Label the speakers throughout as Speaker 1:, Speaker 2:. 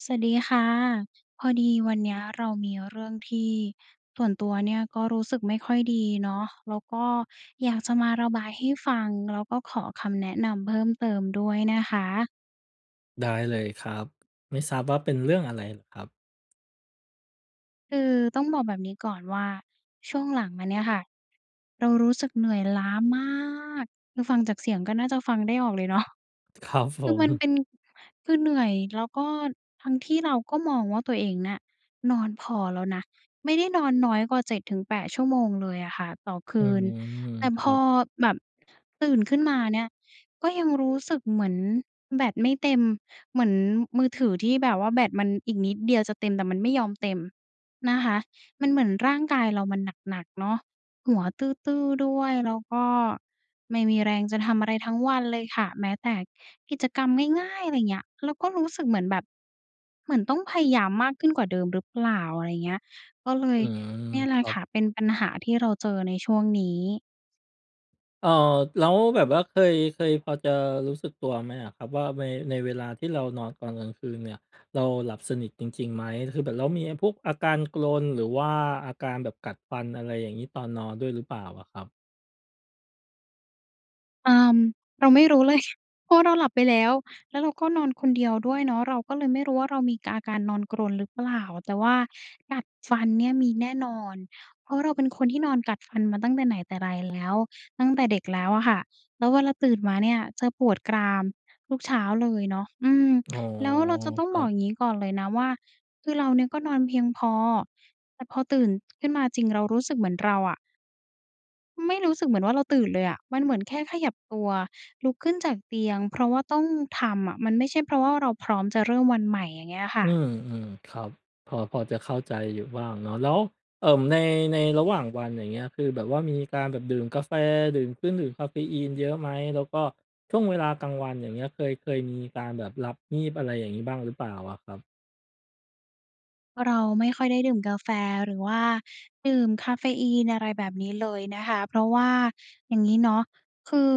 Speaker 1: สวัสดีค่ะ พอดีวันเนี้ย เรามีเรื่องที่ ส่วนตัวเนี่ย ก็รู้สึกไม่ค่อยดีเนาะ แล้วก็อยากจะมาระบายให้ฟัง แล้วก็ขอคำแนะนำเพิ่มเติมด้วยนะคะ
Speaker 2: ได้เลยครับ ไม่ทราบว่าเป็นเรื่องอะไรเหรอครับ?
Speaker 1: คือต้องบอกแบบนี้ก่อนว่า ช่วงหลังมาเนี่ยค่ะ เรารู้สึกเหนื่อยล้ามาก คือฟังจากเสียงก็น่าจะฟังได้ออกเลยเนาะ
Speaker 2: ครับ ผ
Speaker 1: คือมันเ
Speaker 2: ม
Speaker 1: ป็น คือเหนื่อย แล้วก็ ทั้งที่เราก็มองว่าตัวเองน่ะ นอนพอแล้วนะ ไม่ได้นอนน้อยกว่า 7-8 ชั่วโมงเลยอะค่ะต่อค
Speaker 2: อื
Speaker 1: ืน
Speaker 2: ม
Speaker 1: แต่
Speaker 2: ค
Speaker 1: พ
Speaker 2: รั
Speaker 1: อ
Speaker 2: บ
Speaker 1: แบบตื่นขึ้นมาเนี่ย ก็ยังรู้สึกเหมือนแบตไม่เต็ม เหมือนมือถือที่แบบว่าแบตมันอีกนิดเดียวจะเต็ม แต่มันไม่ยอมเต็มนะคะ มันเหมือนร่างกายเรามันหนัก ๆ เนาะ หัวตื้อ ๆ ด้วย แล้วก็ไม่มีแรงจะทำอะไรทั้งวันเลยค่ะ แม้แต่กิจกรรมง่าย ๆ อะไรเงี้ย เราก็รู้สึกเหมือนแบบ เหมือนต้องพยายามมากขึ้นกว่าเดิมหรือเปล่า? อะไรเงี้ย ก็เล
Speaker 2: อ
Speaker 1: ย
Speaker 2: ืม
Speaker 1: เนี่ยแห
Speaker 2: ค
Speaker 1: ละ
Speaker 2: รั
Speaker 1: ค
Speaker 2: บ
Speaker 1: ่ะ เป็นปัญหาที่เราเจอในช่วงนี้
Speaker 2: เออ แล้วแบบว่าเคย เคย พอจะรู้สึกตัวไหมอะครับว่า เว ในเวลาที่เรานอนตอนกลางคืนเนี่ย เราหลับสนิทจริง ๆ ไหม? คือแบบ แล้วมีไอ้พวกอาการกรนหรือว่าอาการแบบกัดฟัน อะไรอย่างงี้ ตอนนอนด้วยหรือเปล่าอะครับ?
Speaker 1: เอ่อ เราไม่รู้เลย เพราะเราหลับไปแล้ว แล้วเราก็นอนคนเดียวด้วยเนาะ เราก็เลยไม่รู้ว่าเรามีกาการนอนกรนหรือเปล่า แต่ว่ากัดฟันเนี่ยมีแน่นอน เพราะเราเป็นคนที่นอนกัดฟันมาตั้งแต่ไหนแต่ไร แล้ว ตั้งแต่เด็กแล้วอะค่ะ แล้วเวลาตื่นมาเนี่ยจะปวดกรามทุกเช้าเลยเนาะ อืม
Speaker 2: อ๋อ
Speaker 1: แล้ว เราจะต้อง
Speaker 2: คร
Speaker 1: บ
Speaker 2: ั
Speaker 1: อก
Speaker 2: บ
Speaker 1: อย่างงี้ก่อนเลยนะว่า คือเราเนี่ยก็นอนเพียงพอ แต่พอตื่น ขึ้นมาจริง เรารู้สึกเหมือนเราอะ ไม่รู้สึกเหมือนว่าเราตื่นเลยอะ มันเหมือนแค่ขยับตัวลุกขึ้นจากเตียง เพราะว่าต้องทำอะ มันไม่ใช่เพราะว่าเราพร้อมจะเริ่มวันใหม่ อย่างเงี้ยอะค
Speaker 2: อ
Speaker 1: ่ะ
Speaker 2: ืม ๆ ครับ พอ พอจะเข้าใจอยู่บ้างเนาะ แล้ว เอ่อ ใน ในระหว่างวัน อย่างเงี้ย คือแบบว่ามีการแบบดื่มกาแฟ ดื่มเครื่องดื่มกาเฟอีนเยอะไหม? แล้วก็ช่วงเวลากลางวัน อย่างเงี้ย เคย เคยมีการแบบหลับงีบ อะไรอย่างงี้ บ้างหรือเปล่าอะครับ?
Speaker 1: เราไม่ค่อยได้ดื่มกาแฟหรือว่าดื่มกาเฟอีน อะไรแบบนี้เลยนะคะ เพราะว่าอย่างงี้เนาะ คือ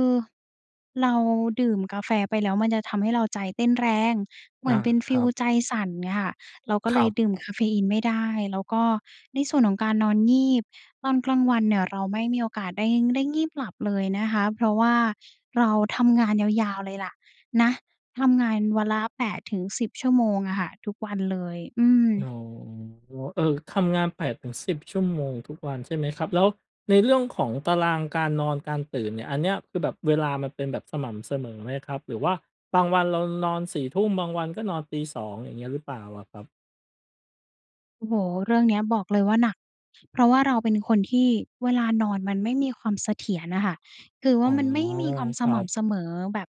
Speaker 1: เราดื่มกาแฟไปแล้วมันจะทำให้เราใจเต้นแรง เหม
Speaker 2: อ
Speaker 1: ื
Speaker 2: า
Speaker 1: อนเป็นฟ
Speaker 2: ค
Speaker 1: ี
Speaker 2: รั
Speaker 1: ล
Speaker 2: บ
Speaker 1: ใจสั่น เงี้ยค่ะ เราก็
Speaker 2: ค
Speaker 1: เล
Speaker 2: รั
Speaker 1: ย
Speaker 2: บ
Speaker 1: ดื่มกาเฟอีนไม่ได้ แล้วก็ในส่วนของการนอนงีบตอนกลางวันเนี่ยเราไม่มีโอกาสได้ ได้งีบหลับเลยนะคะ เพราะว่าเราทำงานยาว ๆ เลยแหละ นะ ทำงานวันละ 8-10 ชั่วโมงอะค่ะ ทุกวันเลย อื
Speaker 2: อ
Speaker 1: ม
Speaker 2: ๋อ เอ่อ ทำงาน 8-10 ชั่วโมงทุกวันใช่ไหมครับ แล้วในเรื่องของตารางการนอน การตื่นเนี่ย อันเนี้ยคือแบบเวลามันเป็นแบบสม่ำสมอไหมครับ? หรือว่าบางวันเรา ร นอน 4 ทุ่ม บางวันก็นอนตี 2 อย่างเงี้ยหรือเปล่าอะครับ?
Speaker 1: โอ้โฮ เรื่องเนี้ยบอกเลยว่า หนัก เพราะว่าเราเป็นคนที่เวลานอนมันไม่มีความเสถียรอะค่ะ คือว
Speaker 2: อ๋
Speaker 1: ่า
Speaker 2: อ
Speaker 1: มันไม่มีความ
Speaker 2: ค
Speaker 1: ส
Speaker 2: รั
Speaker 1: ม่
Speaker 2: บ
Speaker 1: ำเสมอ แบบ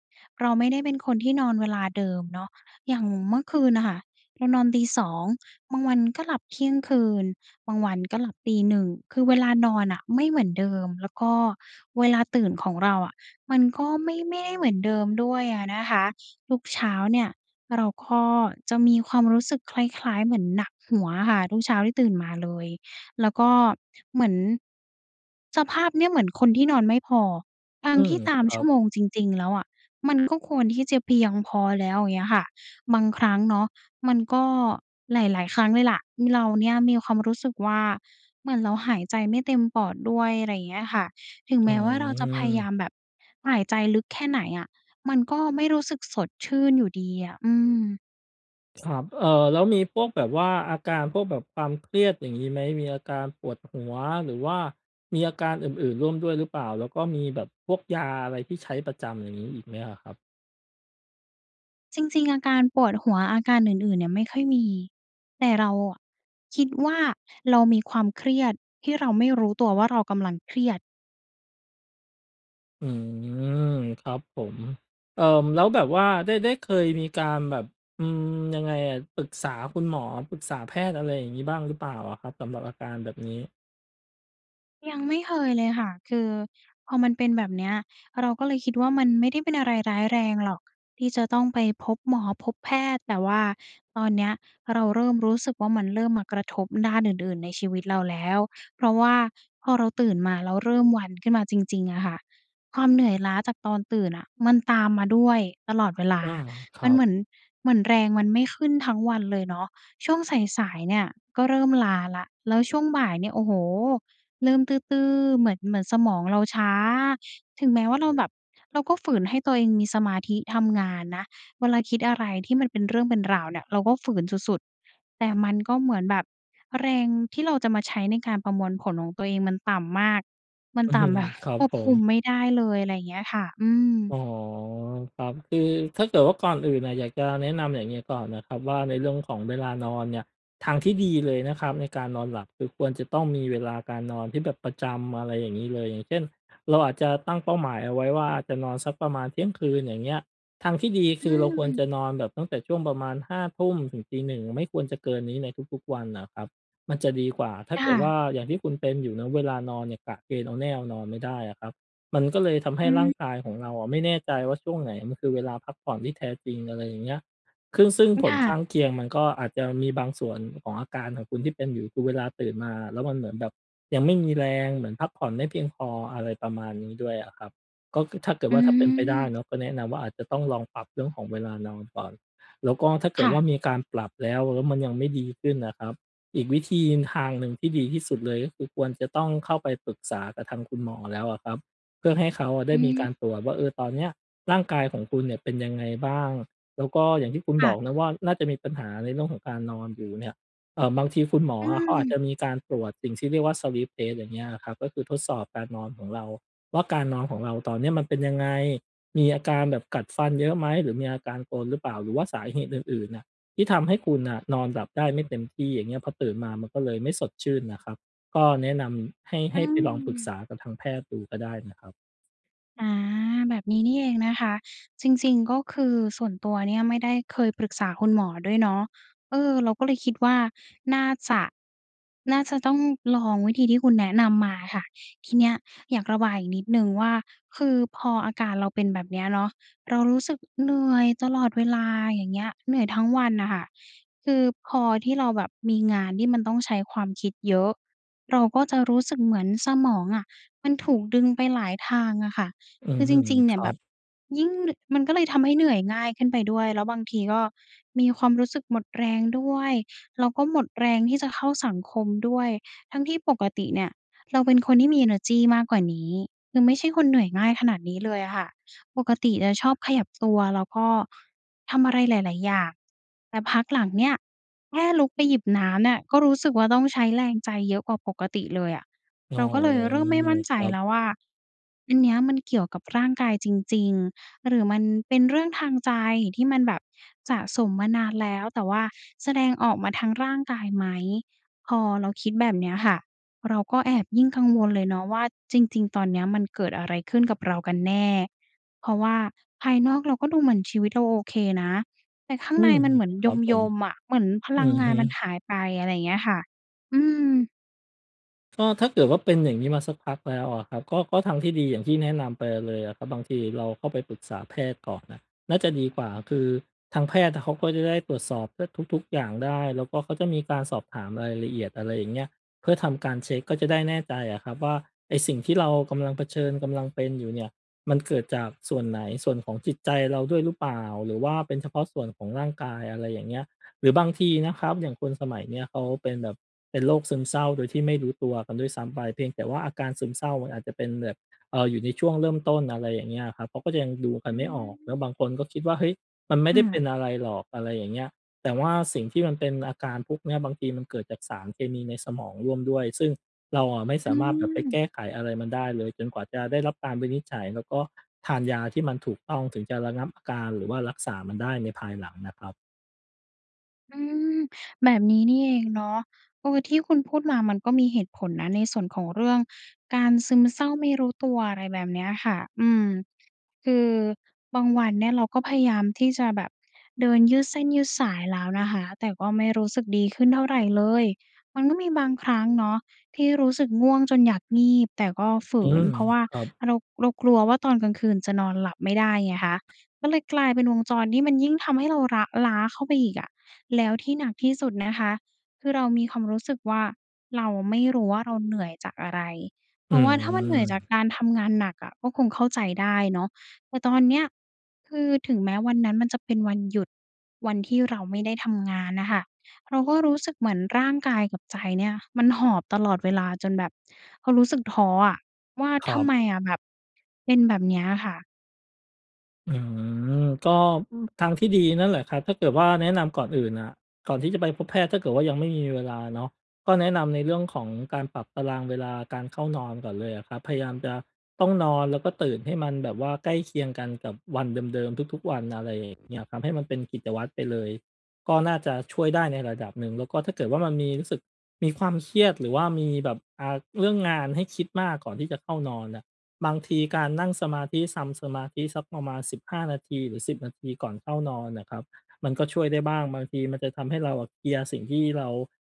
Speaker 1: เราไม่ได้เป็นคนที่นอนเวลาเดิมเนาะ อย่างเมื่อคืนน่ะค่ะเรานอนตี 2 บางวันก็หลับเที่ยงคืน บางวันก็หลับตี 1 คือเวลานอนน่ะไม่เหมือนเดิม แล้วก็เวลาตื่นของเราอะมันก็ไม่ ไม่ได้เหมือนเดิมด้วยอะนะคะ ทุกเช้าเนี่ยเราก็จะมีความรู้สึกคล้าย ๆ เหมือนหนักหัวอะค่ะ ทุกเช้าที่ตื่นมาเลย แล้วก็เหมือน สภาพเนี่ยเหมือนคนที่นอนไม่พอ ทั้
Speaker 2: อื
Speaker 1: งท
Speaker 2: ม
Speaker 1: ี่ตาม
Speaker 2: คร
Speaker 1: ช
Speaker 2: ั
Speaker 1: ั่ว
Speaker 2: บ
Speaker 1: โมงจริง ๆ แล้วอะมันก็ควรที่จะเพียงพอแล้ว อย่างเงี้ยค่ะ บางครั้งเนาะมันก็ หลาย ๆ ครั้งเลยแหละเราเนี่ยมีความรู้สึกว่า เหมือนเราหายใจไม่เต็มปอดด้วย อะไรเงี้ยค่ะ ถึง
Speaker 2: อ
Speaker 1: แ
Speaker 2: ื
Speaker 1: ม้ว่า เราจะพยายา
Speaker 2: ม
Speaker 1: มแบบหายใจลึกแค่ไหนอะมันก็ไม่รู้สึกสดชื่นอยู่ดีอะ อืม
Speaker 2: ครับ เอ่อ แล้วมีพวกแบบว่า อาการพวกแบบความเครียดอย่างนี้ไหม? มีอาการปวดหัว หรือว่ามีอาการอื่น ๆ ร่วมด้วยหรือเปล่า? แล้วก็มีแบบพวกยาอะไรที่ใช้ประจำ อย่างงี้ อีกไหมอะครับ?
Speaker 1: จริง ๆ อาการปวดหัว อาการอื่น ๆ เนี่ยไม่ค่อยมี แต่เราอะคิดว่า เรามีความเครียดที่เราไม่รู้ตัวว่า เรากำลังเครียด
Speaker 2: อืม ครับผม เอ่อ แล้วแบบว่าได้ ได้เคยมีการแบบ อืม ยังไงอะ ปรึกษาคุณหมอ ปรึกษาแพทย์ อะไรอย่างงี้ บ้างหรือเปล่าอะครับ? สำหรับอาการแบบนี้
Speaker 1: ยังไม่เคยเลยค่ะ คือพอมันเป็นแบบเนี้ย เราก็เลยคิดว่า มันไม่ได้เป็นอะไรร้ายแรงหรอก ที่จะต้องไปพบหมอพบแพทย์ แต่ว่าตอนเนี้ย เราเริ่มรู้สึกว่า มันเริ่มมากระทบด้านอื่น ๆ ในชีวิตเราแล้ว เพราะว่าพอเราตื่นมาแล้ว เริ่มวันขึ้นมาจริง ๆ อะค่ะ ความเหนื่อยล้าจากตอนตื่นน่ะ มันตามมาด้วยตลอดเวลา
Speaker 2: อา ค
Speaker 1: ม
Speaker 2: ร
Speaker 1: ั
Speaker 2: ั
Speaker 1: นเห
Speaker 2: บ
Speaker 1: มือน เหมือนแรงมันไม่ขึ้นทั้งวันเลยเนาะ ช่วงสาย ๆ เนี่ย ก็เริ่มล้าแล้ว แล้วช่วงบ่ายเนี่ย โอ้โฮ เริ่มตื้อ ๆ เหมือน เหมือนสมองเราช้า ถึงแม้ว่า เราแบบ เราก็ฝืนให้ตัวเองมีสมาธิทำงานนะ เวลาคิดอะไรที่มันเป็นเรื่องเป็นราวเนี่ย เราก็ฝืนสุด ๆ แต่มันก็เหมือนแบบแรงที่เราจะมาใช้ในการประมวลผลของตัวเองมันต่ำมาก มันต่ำแบบ
Speaker 2: ครั
Speaker 1: ค
Speaker 2: บ
Speaker 1: วบ
Speaker 2: ผ
Speaker 1: คุม
Speaker 2: ม
Speaker 1: ไม่ได้เลย อะไรเงี้ยค่ะ อืม
Speaker 2: อ๋อ ครับ คือถ้าเกิดว่า ก่อนอื่นน่ะ อยากจะแนะนำอย่างงี้ก่อนนะครับว่า ในเรื่องของเวลานอนเนี่ย ทางที่ดีเลยนะครับ ในการนอนหลับ คือควรจะต้องมีเวลาการนอนที่แบบประจำ อะไรอย่างงี้เลย อย่างเช่น เราอาจจะตั้งเป้าหมายเอาไว้ว่า จะนอนสักประมาณเที่ยงคืน อย่างเงี้ย ทางที่ดี
Speaker 1: อ
Speaker 2: คือเราควร
Speaker 1: ืม
Speaker 2: จะนอนแบบตั้งแต่ช่วงประมาณ 5 ทุ่มถึงตี 1 ไม่ควรจะเกินนี้ในทุก ๆ วันน่ะครับ มันจะดีกว่า ถ้
Speaker 1: ค
Speaker 2: าเ
Speaker 1: ่
Speaker 2: กิดว่
Speaker 1: ะ
Speaker 2: า อย่างที่คุณเป็นอยู่นะ เวลานอนเนี่ย กะเกณฑ์เอาแน่เอานอนไม่ได้อะครับ มันก็เลยทำให
Speaker 1: อ
Speaker 2: ้
Speaker 1: ื
Speaker 2: ร่างกายข
Speaker 1: ม
Speaker 2: องเราอะไม่แน่ใจว่า ช่วงไหนมันคือเวลาพักผ่อนที่แท้จริง อะไรอย่างเงี้ย คึ่ง ซึ่งผ
Speaker 1: ค
Speaker 2: ล
Speaker 1: ่
Speaker 2: ข
Speaker 1: ะ
Speaker 2: ้างเคียงมันก็อาจจะมีบางส่วนของอาการของคุณที่เป็นอยู่ คือเวลาตื่นมาแล้ว มันเหมือนแบบยังไม่มีแรง เหมือนพักผ่อนไม่เพียงพอ อะไรประมาณนี้ด้วยอะครับ ก็คือ ถ้าเกิ
Speaker 1: อ
Speaker 2: ด
Speaker 1: ื
Speaker 2: ว่า ถ้าเป็นไปได้
Speaker 1: ม
Speaker 2: เนาะ ก็แนะนำว่า อาจจะต้องลองปรับเรื่องของเวลานอนก่อน แล้วก็ ถ้าเก
Speaker 1: ค
Speaker 2: ิด
Speaker 1: ่
Speaker 2: ว่
Speaker 1: ะ
Speaker 2: ามีการปรับแล้ว แล้วมันยังไม่ดีขึ้นนะครับ อีกวิธี ทางหนึ่งที่ดีที่สุดเลย ก็คือควรจะต้องเข้าไปปรึกษากับทางคุณหมอแล้วอะครับ เพื่อให้เขาอะได
Speaker 1: อื
Speaker 2: ้มี
Speaker 1: ม
Speaker 2: การตรวจว่า เออ ตอนเนี้ยร่างกายของคุณเนี่ย เป็นยังไงบ้าง? แล้วก็อย่างที่คุณ
Speaker 1: ค่
Speaker 2: บ
Speaker 1: ะ
Speaker 2: อกนะว่า น่าจะมีปัญหาในเรื่องของการนอนอยู่เนี่ย เอ่อ บางทีคุณหมอ
Speaker 1: อื
Speaker 2: อะเขาอาจ
Speaker 1: ม
Speaker 2: จะมีการตรวจสิ่งที่เรียกว่า Sleep Test อย่างเงี้ยครับ ก็คือทดสอบการนอนของเราว่า การนอนของเราตอนเนี้ย มันเป็นยังไง? มีอาการแบบกัดฟันเยอะไหม? หรือมีอาการกรนหรือเปล่า? หรือว่าสาเหตุอื่น ๆ น่ะ ที่ทำให้คุณน่ะ นอนหลับได้ไม่เต็มที่ อย่างเงี้ย พอตื่นมามันก็เลยไม่สดชื่นน่ะครับ ก็แนะนำให้
Speaker 1: อ
Speaker 2: ใ
Speaker 1: ื
Speaker 2: ห้ไปลองปรึกษ
Speaker 1: ม
Speaker 2: ากับทางแพทย์ดูก็ได้นะครับ
Speaker 1: อา แบบนี้นี่เองนะคะ จริง ๆ ก็คือส่วนตัวเนี่ยไม่ได้เคยปรึกษาคุณหมอด้วยเนาะ เออ เราก็เลยคิดว่า น่าจะ น่าจะต้องลองวิธีที่คุณแนะนำมาค่ะ ทีเนี้ยอยากระบายอีกนิดหนึ่งว่า คือพออาการเราเป็นแบบเนี้ยเนาะ เรารู้สึกเหนื่อยตลอดเวลา อย่างเงี้ย เหนื่อยทั้งวันน่ะค่ะ คือพอที่เราแบบมีงานที่มันต้องใช้ความคิดเยอะ เราก็จะรู้สึกเหมือนสมองอะมันถูกดึงไปหลายทางอะค่ะ
Speaker 2: อื
Speaker 1: คือจ
Speaker 2: ม
Speaker 1: ริง ๆ เน
Speaker 2: ค
Speaker 1: ี่ย
Speaker 2: รั
Speaker 1: แบบ
Speaker 2: บ
Speaker 1: ยิ่งนึ่ มันก็เลยทำให้เหนื่อยง่ายขึ้นไปด้วย แล้วบางทีก็มีความรู้สึกหมดแรงด้วย แล้วก็หมดแรงที่จะเข้าสังคมด้วย ทั้งที่ปกติเนี่ยเราเป็นคนที่มีเอเนอร์จีมากกว่านี้ คือไม่ใช่คนเหนื่อยง่ายขนาดนี้เลยอะค่ะ ปกติจะชอบขยับตัวแล้วก็ทำอะไรหลาย ๆ อย่าง แต่พักหลังเนี่ยแค่ลุกไปหยิบน้ำเนี่ยก็รู้สึกว่า ต้องใช้แรงใจเยอะกว่าปกติเลยอะ
Speaker 2: อ๋
Speaker 1: เ
Speaker 2: อ
Speaker 1: ราก็เลยเริ่มไม่มั่นใ
Speaker 2: ค
Speaker 1: จ
Speaker 2: รับ
Speaker 1: แล้วว่า อันเนี้ยมันเกี่ยวกับร่างกายจริง ๆ หรือมันเป็นเรื่องทางใจที่มันแบบสะสมมานานแล้ว แต่ว่าแสดงออกมาทางร่างกายไหม? พอเราคิดแบบเนี้ยค่ะเราก็แอบยิ่งกังวลเลยเนาะว่า จริง ๆ ตอนเนี้ยมันเกิดอะไรขึ้นกับเรากันแน่? เพราะว่าภายนอกเราก็ดูเหมือนชีวิตเราโอเคนะ แต่ข้าง
Speaker 2: อื
Speaker 1: ใน
Speaker 2: ม
Speaker 1: มันเหมือน
Speaker 2: ครับผ
Speaker 1: ย
Speaker 2: ม
Speaker 1: ม ๆ อะ เหมือนพ
Speaker 2: อื
Speaker 1: ลัง
Speaker 2: อ
Speaker 1: ง
Speaker 2: ฮ
Speaker 1: า
Speaker 2: ึ
Speaker 1: นมันหายไป อะไรอย่างเงี้ยค่ะ อืม
Speaker 2: ก็ถ้าเกิดว่า เป็นอย่างนี้มาสักพักแล้วอะครับ ก็ ก็ทางที่ดี อย่างที่แนะนำไปเลยอะครับ บางทีเราก็ไปปรึกษาแพทย์ก่อนนะน่าจะดีกว่า ก็คือทางแพทย์น่ะเขาก็จะได้ตรวจสอบได้ทุก ๆ อย่างได้ แล้วก็เขาจะมีการสอบถามรายละเอียด อะไรอย่างเงี้ย เพื่อทำการเช็ก ก็จะได้แน่ใจอะครับว่า ไอ้สิ่งที่เรากำลังเผชิญ กำลังเป็นอยู่เนี่ย มันเกิดจากส่วนไหน ส่วนของจิตใจเราด้วยหรือเปล่า? หรือว่าเป็นเฉพาะส่วนของร่างกาย อะไรอย่างเงี้ย หรือบางทีนะครับอย่างคนสมัยเนี้ยเขาเป็นแบบเป็นโรคซึมเศร้าโดยที่ไม่รู้ตัวกันด้วยซ้ำไป เพียงแต่ว่าอาการซึมเศร้ามันอาจจะเป็นแบบ เอ่อ อยู่ในช่วงเริ่มต้น อะไรอย่างเงี้ยครับ เขาก็จะยังดูกั
Speaker 1: อ
Speaker 2: น
Speaker 1: ื
Speaker 2: ไม่ออก แล้ว
Speaker 1: ม
Speaker 2: บางคนก็คิดว่า เฮ้ย มันไม
Speaker 1: ค
Speaker 2: ่
Speaker 1: ่
Speaker 2: ได้เป
Speaker 1: ะ
Speaker 2: ็นอะไรหรอก อะไรอย่างเงี้ย แต่ว่าสิ่งที่มันเป็นอาการพวกเนี้ยบางทีมันเกิดจากสารเคมีในสมองร่วมด้วย ซึ่งเราอะไม่ส
Speaker 1: อื
Speaker 2: ามารถแบบไปแก
Speaker 1: อ
Speaker 2: ้ไขอะไรมันได้เลยจนกว่าจะได้รับการวินิจฉัย แล้วก็ทานยาที่มันถูกต้องถึงจะระงับอาการ หรือว่ารักษามันได้ในภายหลังนะครับ
Speaker 1: อือ แบบนี้นี่เองเนาะ เออ ที่คุณพูดมามันก็มีเหตุผลนะในส่วนของเรื่องการซึมเศร้าไม่รู้ตัว อะไรแบบเนี้ยค่ะ อืม คือบางวันเนี่ยเราก็พยายามที่จะแบบเดินยืดเส้นยืดสายแล้วนะคะ แต่ก็ไม่รู้สึกดีขึ้นเท่าไรเลย มันก็มีบางครั้งเนาะที่รู้สึกง่วงจนอยากงีบ แต่ก็ฝื
Speaker 2: อื
Speaker 1: น
Speaker 2: ม
Speaker 1: เพราะว่า
Speaker 2: ครับ
Speaker 1: เรา เรากลัวว่า ตอนกลางคืนจะนอนหลับไม่ได้ไงคะ ก็เลยกลายเป็นวงจรที่มันยิ่งทำให้เราละ ล้าเข้าไปอีกอะ แล้วที่หนักที่สุดนะคะคือเรามีความรู้สึกว่า เราไม่รู้ว่า เราเหนื่อยจากอะไร เพ
Speaker 2: อ
Speaker 1: ร
Speaker 2: ื
Speaker 1: าะว่าถ้ามันเหนื่อยจาก
Speaker 2: ม
Speaker 1: การทำงานหนักอะก็คงเข้าใจได้เนาะ แต่ตอนเนี้ยคือถึงแม้วันนั้นมันจะเป็นวันหยุด วันที่เราไม่ได้ทำงานน่ะค่ะ เราก็รู้สึกเหมือนร่างกายกับใจเนี่ยมันหอบตลอดเวลา จนแบบความรู้สึกท้ออะว่า
Speaker 2: คร
Speaker 1: ท
Speaker 2: ั
Speaker 1: ำไ
Speaker 2: บ
Speaker 1: มอะแบบเป็นแบบเนี้ยค่ะ
Speaker 2: อืม ก็ ทางที่ดีนั่นแหละครับ ถ้าเกิดว่าแนะ นำก่อนอื่นอะ ก่อนที่จะไปพบแพทย์ ถ้าเกิดว่ายังไม่มีเวลาเนาะ ก็แนะนำในเรื่องของการปรับตารางเวลาการเข้า นอนก่อนเลยอะครับ พยายามจะต้องนอน แล้วก็ตื่นให้มันแบบว่าใกล้เคียงกันกับวันเดิม ๆ ทุก ๆ วัน อะไรอย่างเงี้ยครับ ให้มันเป็นกิจวัตรไปเลย ก็น่าจะช่วยได้ในระดับหนึ่ง แล้วก็ถ้าเกิดว่า มันมี รู้สึกมีความเครียดหรือว่ามีแบบ อ่า เรื่องงานให้คิดมาก ก่อนที่จะเข้า นอนอะ บางทีการนั่งสมาธิ ซำสมาธิสักประมาณ 15 นาที หรือ 10 นาทีก่อนเข้านอนน่ะครับ มันก็ช่วยได้บ้าง บางทีมันจะทำให้เราอะเคลียร์สิ่งที่เรา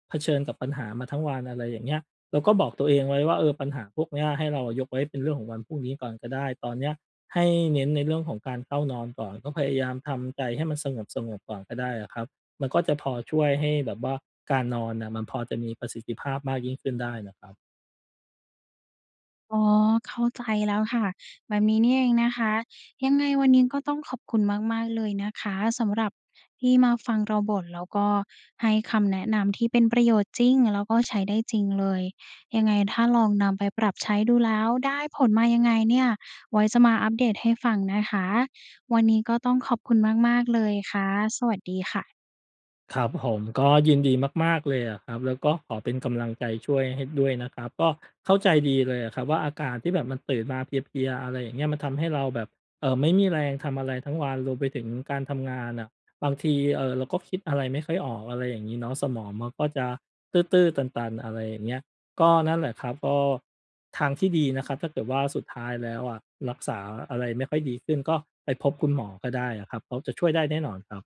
Speaker 2: เผชิญกับปัญหามาทั้งวัน อะไรอย่างเงี้ย เราก็บอกตัวเองไว้ว่า เออ ปัญหาพวกเนี้ยให้เราอะยกไว้เป็นเรื่องของวันพรุ่งนี้ก่อนก็ได้ ตอนเนี้ยให้เน้นในเรื่องของการเข้านอนก่อน ก็พยายามทำใจให้มันสงบ ๆ ก่อนก็ได้อะครับ มันก็จะพอช่วยให้แบบว่าการนอนน่ะ มันพอจะมีประสิทธิภาพมากยิ่งขึ้นได้น่ะครับ
Speaker 1: อ๋อ เข้าใจแล้วค่ะ แบบนี้นี่เองนะคะ ยังไงวันนี้ก็ต้องขอบคุณมาก ๆ เลยนะคะ สำหรับที่มาฟังเราบ่น แล้วก็ให้คำแนะนำที่เป็นประโยชน์จริง แล้วก็ใช้ได้จริงเลย ยังไงถ้าลองนำไปปรับใช้ดูแล้ว ได้ผลมายังไงเนี่ย ไว้จะมาอัปเดตให้ฟังนะคะ วันนี้ก็ต้องขอบคุณมาก ๆ เลยค่ะ สวัสดีค่ะ
Speaker 2: ครับผม ก็ยินดีมาก ๆ เลยอะครับ แล้วก็ขอเป็นกำลังใจช่วยให้ด้วยนะครับ ก็เข้าใจดีเลยอะครับ ว่าอาการที่แบบมันตื่นมาเพลีย ๆ อะไรอย่างเงี้ย มันทำให้เราแบบ เอ่อ ไม่มีแรงทำอะไรทั้งวัน รวมไปถึงการทำงานอะ บางที เอ่อ เราก็คิดอะไรไม่ค่อยออก อะไรอย่างงี้เนาะ สมองมันก็จะตื้อ ๆ ตัน ๆ อะไรอย่างเงี้ย ก็นั่นแหละครับ ก็ทางที่ดีนะครับ ถ้าเกิดว่าสุดท้ายแล้วอะ รักษาอะไรไม่ค่อยดีขึ้น ก็ไปพบคุณหมอก็ได้อะครับ เพราะจะช่วยได้แน่นอนครับ